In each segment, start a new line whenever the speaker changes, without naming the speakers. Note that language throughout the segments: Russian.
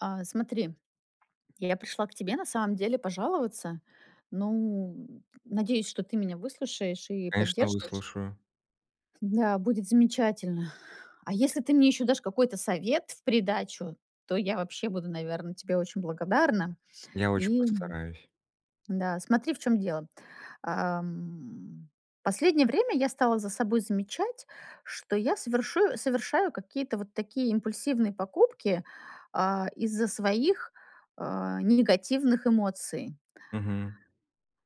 А, смотри. Я пришла к тебе, на самом деле, пожаловаться. Ну, надеюсь, что ты меня выслушаешь и
Конечно,
поддержишь.
выслушаю.
Да, будет замечательно. А если ты мне ещё дашь какой-то совет в придачу, то я вообще буду, наверно, тебе очень благодарна.
Я очень
И
постараюсь.
Да, смотри, в чём дело. А, м, последнее время я стала за собой замечать, что я совершу совершаю какие-то вот такие импульсивные покупки, а, из-за своих, э, негативных эмоций.
Мгм.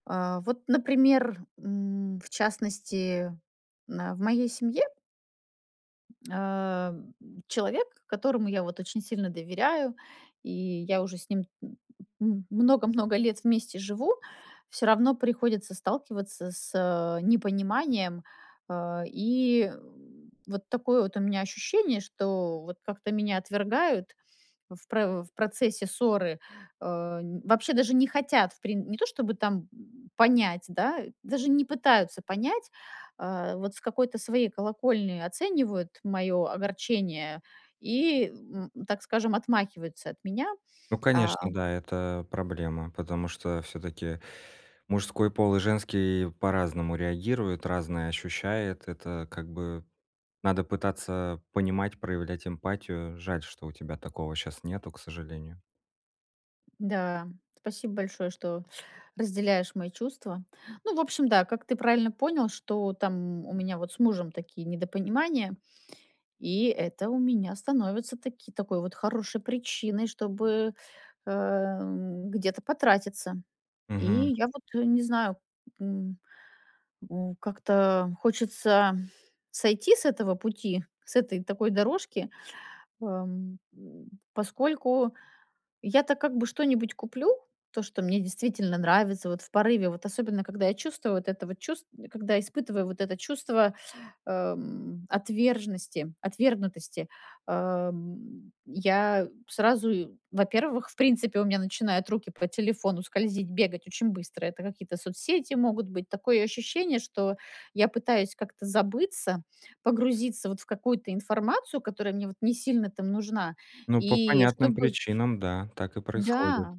А, вот, например, м, в частности, на в моей семье Э, м, человек, которому я, вот, очень сильно доверяю, и я уже с ним, э, м много много лет вместе живу, всё равно приходится сталкиваться с, э, непониманием. Э, и вот такое вот у меня ощущение, что вот как-то меня отвергают в про в процессе ссоры. Э, н вообще даже не хотят в прин не то, чтобы там, э, понять, да, даже не пытаются понять, а, вот с какой-то своей колокольни оценивают моё огорчение и, м, так скажем, отмахиваются от меня,
Ну,
а
конечно, да, это проблема. Потому что всё-таки мужской пол и женский по-разному реагируют, разное ощущает. Это, как бы, надо пытаться понимать, проявлять эмпатию. Жаль, что у тебя такого щас нету, к сожалению.
Да, спасибо большое, что разделяешь мои чувства. Ну, в общем, да, как ты правильно понял, что там у меня вот с мужем такие недопонимания, и это у меня становится таки такой вот хорошей причиной, чтобы, эм, где-то потратиться. И
Мгм.
я вот, э, не знаю, м, м, как-то хочется сойти с этого пути, с этой такой дорожки, эм, м, поскольку я-то как бы что-нибудь куплю, то, что мне действительно нравится вот в порыве, вот особенно когда я чувствую вот это вот чувст э, когда испытываю вот это чувство, эм, отверженности отвергнутости, эм, я сразу и, во-первых, в принципе, у меня начинают руки по телефону скользить, бегать очень быстро. Это какие-то соцсети могут быть. Такое ощущение, что я пытаюсь как-то забыться, погрузиться, вот, в какую-то информацию, которая мне вот не сильно там нужна.
Ну, по
И
понятным
чтобы
причинам, да, так и происходит.
Да,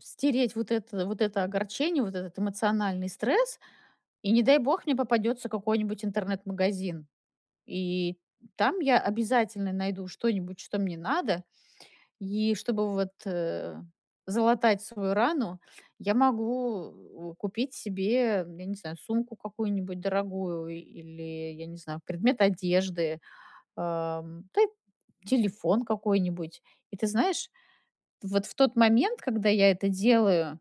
стереть вот это вот это огорчение, вот этот эмоциональный стресс. И не дай бог мне попадётся какой-нибудь интернет-магазин. И там я обязательно найду что-нибудь, что мне надо. И чтобы вот, э, залатать свою рану, я могу у купить себе, я не знаю, сумку какую-нибудь дорогую или, я не знаю, предмет одежды, эм, та й телефон какой-нибудь. И ты знаешь, вот в тот момент, когда я это делаю,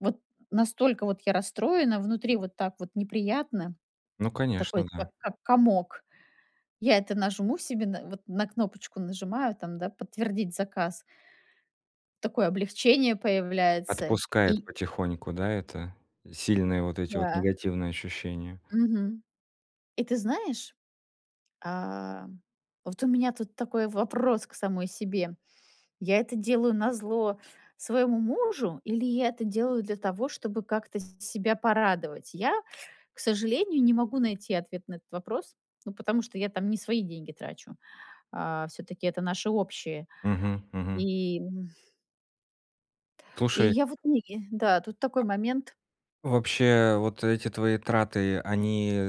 вот настолько вот я расстроена внутри, вот так вот неприятно,
Ну,
такой
конечно, да.
как как комок. Я это нажму себе на вот, на кнопочку нажимаю, там, да, подтвердить заказ. Такое облегчение появляется
Отпускает
и
потихоньку, да, это. Сильные вот эти вот
Да.
негативные ощущения.
Мгм. И ты знаешь, ам, вот у меня тут такой вопрос к самой себе: я это делаю назло своему мужу или я это делаю для того, чтобы как-то с себя порадовать? Я, к сожалению, не могу найти ответ на этот вопрос, ну, потому что я там не свои деньги трачу. Э, всё-таки это наше общее.
Мгм мгм.
И м И
Слушай
я, вот, не Да, тут такой момент.
А вообще, вот эти твои траты, они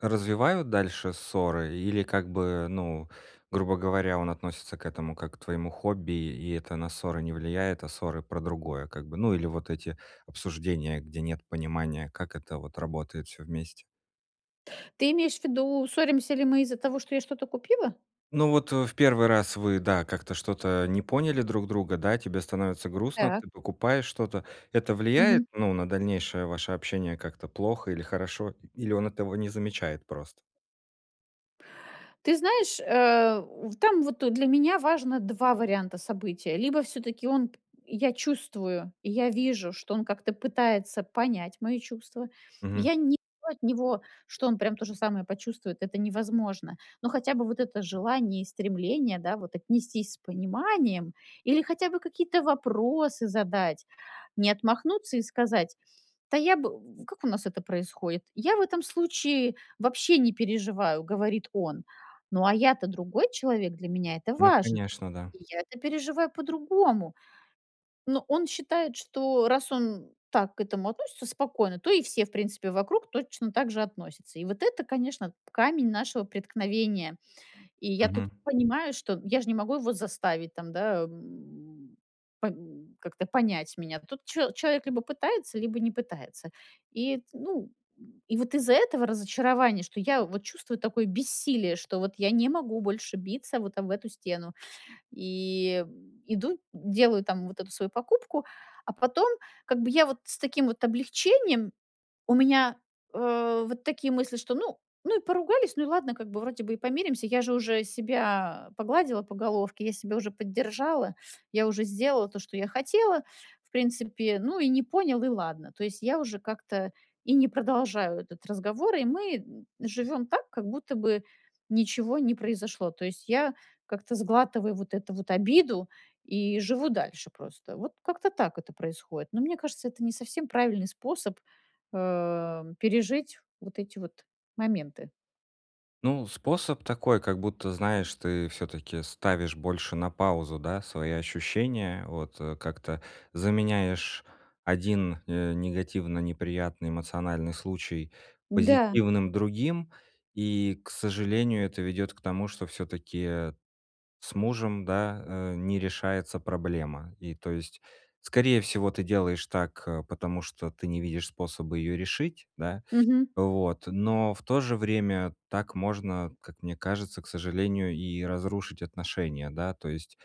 развивают дальше ссоры или, как бы, ну, грубо говоря, он относится к этому как к твоему хобби, и это на ссоры не влияет, а ссоры про другое, как бы? Ну, или вот эти обсуждения, где нет понимания, как это вот работает всё вместе?
Ты имеешь в виду, ссоримся ли мы из-за того, что я что-то купила?
Ну вот, э, в 1 раз вы, да, как-то что-то не поняли друг друга, да, тебе становится грустно,
Так.
ты покупаешь что-то. Это влияет,
Мгм.
ну, на дальнейшее ваше общение как-то плохо или хорошо? И или он этого не замечает прост?
Ты знаешь, э, в там вот для меня важно 2 варианта события. Либо всё-таки он, я чувствую, я вижу, что он как-то пытается понять мои чувства.
Мгм.
Я не ду от него, что он прям то же самое почувствует, это невозможно. Но хотя бы вот это желание и стремление, да, вот, отнестись с пониманием или хотя бы какие-то вопросы задать, не отмахнуться и сказать: "Да я бы" В как у нас это происходит? "Я в этом случае вообще не переживаю",- говорит он. Ну, а я-то другой человек, для меня это
Ну
важн
конечно, да.
И я это переживаю по-другому. Но он считает, что раз он так к этому относится спокойно, то и все, в принципе, вокруг точно так же относятся. И вот это, конечно, камень нашего преткновения. И я тут
Мгм.
понимаю, что я же не могу его заставить, там, да, м, пон как-то понять меня. Тут чел человек либо пытается, либо не пытается. И, т ну, и вот из-за этого разочарования, что я вот чувствую такое бессилие, что вот я не могу больше биться вот об эту стену, и иду, делаю, там, вот эту свою покупку, а потом как бы я вот с таким вот облегчением у меня, э, вот такие мысли, что ну ну и поругались, ну и ладно, как бы, вроде бы и помиримся. Я же уже себя погладила по головке, я себя уже поддержала. Я уже сделала то, что я хотела, в принципе. Ну и не понял, и ладно. То есть я уже как-то и не продолжаю этот разговор, и мы, м, живём так, как будто бы ничего не произошло. То есть я как-то сглатываю вот эту вот обиду и живу дальше просто. Вот как-то так это происходит. Но мне кажется, это не совсем правильный способ, э, пережить вот эти вот моменты.
Ну, способ такой, как будто, знаешь, ты всё-таки ставишь больше на паузу, да, свои ощущения. Вот, э, как-то заменяешь один, э, негативно неприятный эмоциональный случай
Да.
позитивным другим, и, к сожалению, это ведёт к тому, что всё-таки, э, с мужем, да, э, не решается проблема. И, то есть, скорее всего, ты делаешь так, э, потому что ты не видишь способа ее решить, да?
Мгм.
Вот, но в то же время так можно, как мне кажется, к сожалению, и разрушить отношения. Да? То есть,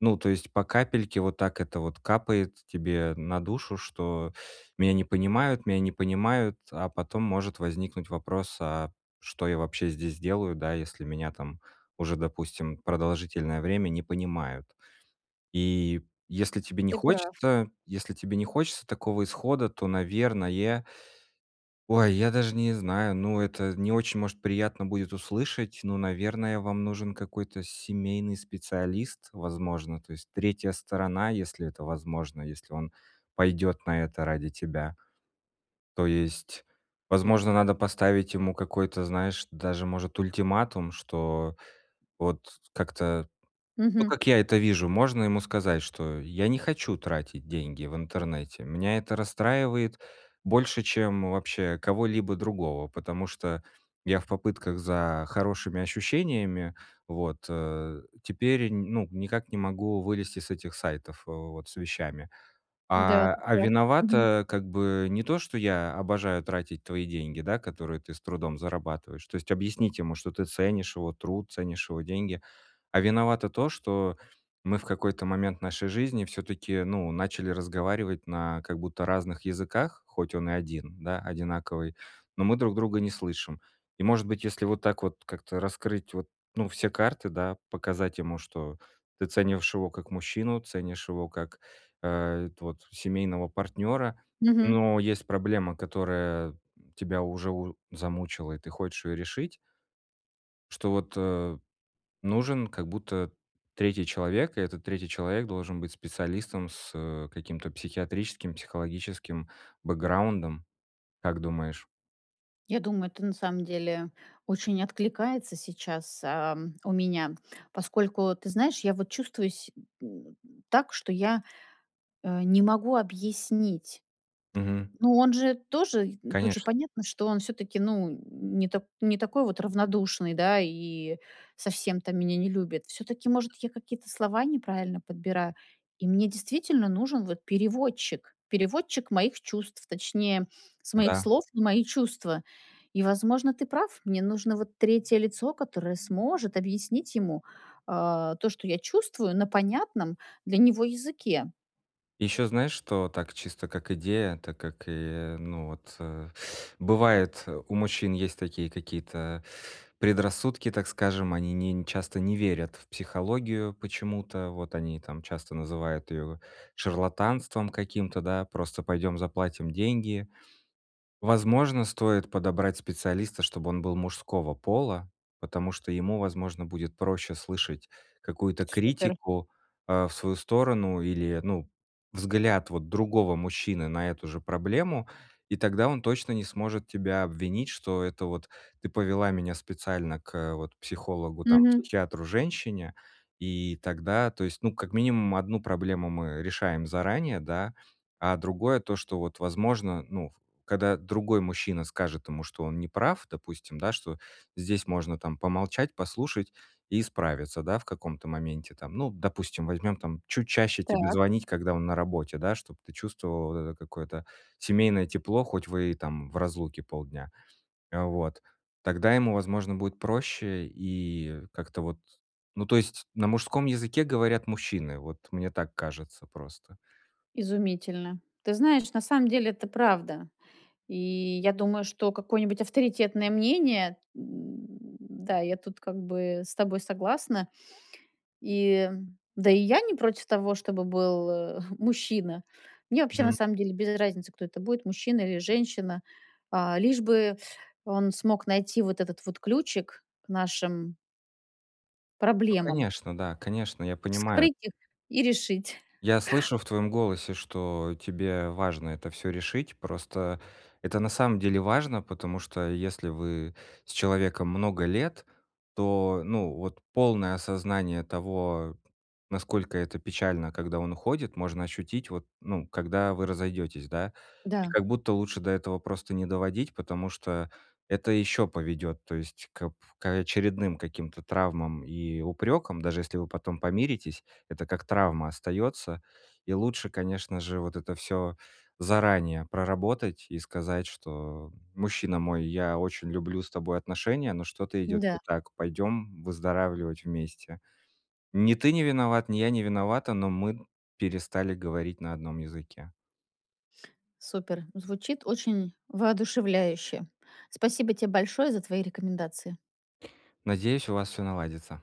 ну, то есть по капельке вот, так это вот капает тебе на душу, что "меня не понимают", "меня не понимают". А потом может возникнуть вопрос: "А что я вообще здесь делаю, да если меня там уже, допустим, продолжительное время не понимают?" И если тебе не
Ты прав.
хочется, если тебе не хочется такого исхода, то, наверное,- ой, я даже не знаю, ну, это не очень, может, приятно будет услышать,- ну, наверное, вам нужен какой-то семейный специалист, возможно. То есть 3 сторона, если это возможно, если он пойдет на это ради тебя. То есть, возможно, надо поставить ему какой-то, знаешь, даже, может, ультиматум, что вот с как-то Ну,
Мгм.
как я это вижу, можно ему сказать, что: "Я не хочу тратить деньги в интернете. Меня это расстраивает больше, чем вообще кого-либо другого, потому что я в попытках за хорошими ощущениями вот, э, теперь н ну, никак не могу вылезти с этих сайтов вот с вещами.
Да,
А,
ты
а
прав. Мгм.
виновато, как бы, не то, что я обожаю тратить твои деньги, да, которые ты с трудом зарабатываешь".- То есть объяснить ему, что ты ценишь его труд, ценишь его деньги.- "А виновато то, что мы в какой-то момент нашей жизни всё-таки, ну, начали разговаривать на как будто разных языках, хоть он и один, да, одинаковый, но мы друг друга не слышим". И может быть, если вот так вот как-то раскрыть вот ну все карты, да, показать ему, что ты ценишь его как мужчину, ценишь его как, э, вот семейного партнёра,
Мгм.
но есть проблема, которая тебя уже у замучила, и ты хочешь её решить что вот, э, нужен как будто 3 человек, и этот 3 человек должен быть специалистом с, э, каким-то психиатрическим, психологическим бэкграундом. Как думаешь?
Я думаю, это на самом деле очень откликается сейчас, ам, у меня, поскольку, ты знаешь, я вот чувствуюсь се м, так, что я, э, не могу объяснить.
Мгм.
Ну он же тоже и тут же
Конечно.
понятно, что он всё-таки, ну, н н не та не такой вот равнодушный, да, и совсем то меня не любит. Всё-таки, может, я какие-то слова неправильно подбираю. И мне действительно нужен вот переводчик, переводчик моих чувств, точнее, с моих
Да.
слов в мои чувства. И, возможно, ты прав, мне нужно вот 3 лицо, которое сможет объяснить ему, а, то, что я чувствую, на понятном для него языке.
Ещё знаешь, что так- чисто как идея, так как, э, ну вот. Бывает, э, у мужчин есть такие какие-то предрассудки, так скажем: они не не часто не верят в психологию почему-то. Вот они там часто называют её шарлатанством каким-то, да: "Просто пойдём заплатим деньги". Возможно, стоит подобрать специалиста, чтобы он был мужского пола, потому что ему, возможно, будет проще слышать какую-то
Супер.
критику, а, в свою сторону или, ну, взгляд вот другого мужчины на эту же проблему, и тогда он точно не сможет тебя обвинить, что: "Это вот ты повела меня специально к вот психологу, там,
Мгм.
психиатру-женщине". И тогда, то есть, ну, как минимум одну проблему мы решаем заранее, да? А другое- то, что вот, возможно, ну, когда другой мужчина скажет ему, что он неправ, допустим, да, что здесь можно там помолчать, послушать и справиться, да, в каком-то моменте там. Ну, допустим, возьмём там- чуть чаще тебе
Так.
звонить, когда он на работе, да, чтоб ты чувствовала вот это какое-то семейное тепло, хоть вы и там в разлуке полдня. Вот. Тогда ему, возможно, будет проще и как-то вот Ну, то есть на мужском языке говорят мужчины, вот мне так кажется просто.
Изумительно. Ты знаешь, на самом деле это правда. И я думаю, что какое-нибудь авторитетное мнение, м да, я тут как бы с тобой согласна. И Да и я не против того, чтобы был, э, мужчина. Мне вообще, на
М.
самом деле, без разницы, кто это будет- мужчина или женщина. А, лишь бы он смог найти вот этот вот ключик к нашим
Ну,
Проблемам.
конечно, да, конечно, я понимаю.
Вскрыть их и решить.
Я слышу в твоем голосе, что тебе важно это всё решить. Просто это на самом деле важно, потому что если вы с человеком много лет, то, ну, вот полное осознание того, насколько это печально, когда он уходит, можно ощутить, вот, ну, когда вы разойдетесь, да? И,
Да.
как будто, лучше до этого просто не доводить, потому что это еще поведёт, то есть, к к очередным каким-то травмам и упрекам, даже если вы потом помиритесь, это как травма остается. И лучше, конечно же, вот это всё заранее проработать и сказать, что: "Мужчина мой, я очень люблю с тобой отношения, но что-то идет не
М-да.
так. Пойдем выздоравливать вместе. Ни ты не виноват, ни я не виновата, но мы перестали говорить на одном языке".
Супер, звучит очень воодушевляюще. Спасибо тебе большое за твои рекомендации.
Надеюсь, у вас всё наладится.